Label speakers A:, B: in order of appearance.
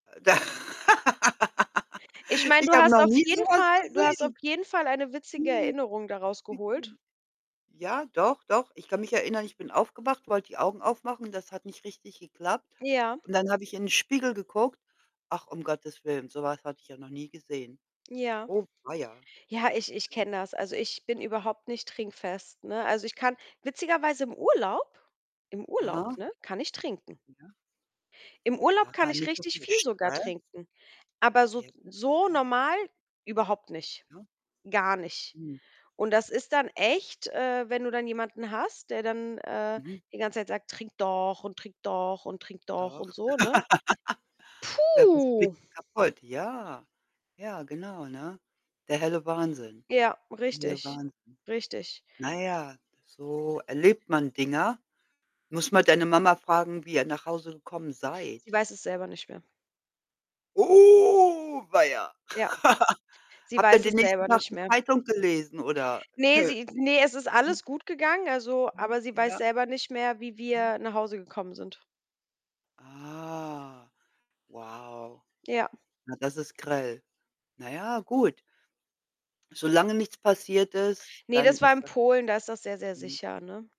A: Äh, da
B: Ich meine,
A: ich
B: du
A: habe
B: hast
A: noch
B: auf
A: nie so
B: jeden
A: was
B: Fall du hast auf
A: gesehen.
B: jeden Fall eine witzige
A: Ne.
B: Erinnerung da raus geholt.
A: [unintelligible] Ja, doch, doch. Ich kann mich erinnern, ich bin aufgewacht, wollte die Augen aufmachen, das hat nicht richtig geklappt,
B: Ja.
A: und dann habe ich in den Spiegel geguckt ach, um Gottes Willen, so was hatte ich ja noch nie gesehen.
B: Ja.
A: Oh weia..
B: Ja, ich ich
A: [unintelligible]
B: kenne das. Also, ich bin überhaupt nicht trinkfest, ne? Also, ich kann witzigerweise im Urlaub im Urlaub,
A: Aha.
B: ne, kann ich trinken.
A: Ja.
B: Im Urlaub kann
A: Ah,
B: ich
A: nicht so
B: richtig
A: viel
B: viel sogar
A: Stress.
B: trinken, aber so
A: Irgendwas
B: so
A: kann sein.
B: normal überhaupt nicht.
A: Ja.
B: Gar nicht.
A: Hm.
B: Und das ist dann echt, äh, wenn du dann jemanden hast, der dann, äh,
A: Mhm.
B: die ganze Zeit sagt: „Trink doch und trink doch und trink doch“,
A: Doch.
B: und so, ne?
A: Glaube, das
B: Puh.
A: kriegst du kaputt. Ja. Ja, genau, ne? Der helle Wahnsinn.
B: Ja,
A: Der helle
B: richtig,
A: Wahnsinn.
B: richtig.
A: Na ja, so erlebt man Dinger. Musst mal deine Mama fragen, wie ihr nach Hause gekommen
B: Sie
A: seid.
B: weiß es selber nicht mehr.
A: Oh, weia.
B: Ja, sie
A: Habt ihr
B: weiß es
A: den nächsten
B: selber
A: Tag
B: nicht
A: die
B: mehr.
A: Zeitung gelesen oder
B: Ne,
A: nö.
B: sie ne, es ist
A: Hm.
B: alles gut gegangen, also
A: Mhm,
B: aber sie weiß
A: ja.
B: selber nicht mehr, wie
A: Mhm.
B: wir nach Hause gekommen sind.
A: Ah. Wow.
B: Ja.
A: Na, das ist grell. Na ja, gut. Solange nichts passiert ist,
B: Ne,
A: dann
B: das war
A: ist
B: in
A: das
B: Polen, da ist das sehr, sehr
A: Mhm.
B: sicher, ne?